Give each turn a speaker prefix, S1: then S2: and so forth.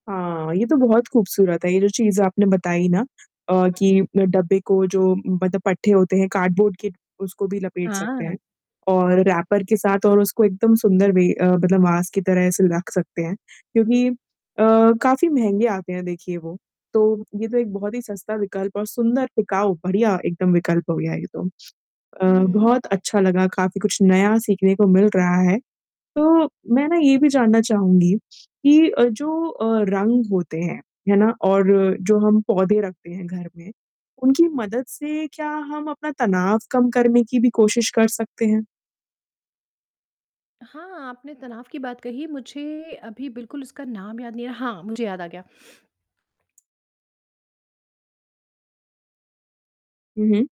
S1: हाँ, ये तो बहुत ख़ूबसूरत है ये जो चीज़ें आपने बताई ना। अ, कि डब्बे को जो मतलब पट्टे होते हैं कार्ड बोर्ड के उसको भी लपेट सकते हैं।
S2: हाँ।
S1: और रैपर के साथ और उसको एकदम सुंदर भी अ, मतलब वास की तरह ऐसे रख़ सकते हैं। क्योंकि अ, काफ़ी महँगे आते हैं देखिए वो तो, ये तो एक बहुत ही सस्ता विकल्प और सुंदर टिकाऊ बढ़िया एकदम विकल्प हो गया ये तो। अ,
S2: हुँ, हुँ।
S1: बहुत अच्छा लगा काफ़ी कुछ नया सीखने को मिल रहा है। तो मैं ना ये भी जानना चाहूँगी कि अ, जो अ, रंग होते हैं, है ना? और जो हम पौधे रखते हैं घर में, उनकी मदद से क्या हम अपना तनाव कम करने की भी कोशिश कर सकते हैं?
S2: हाँ, आपने तनाव की बात कही मुझे अभी बिल्कुल उसका नाम याद नहीं है हाँ, मुझे याद आ गया।
S1: हुँ, हुँ।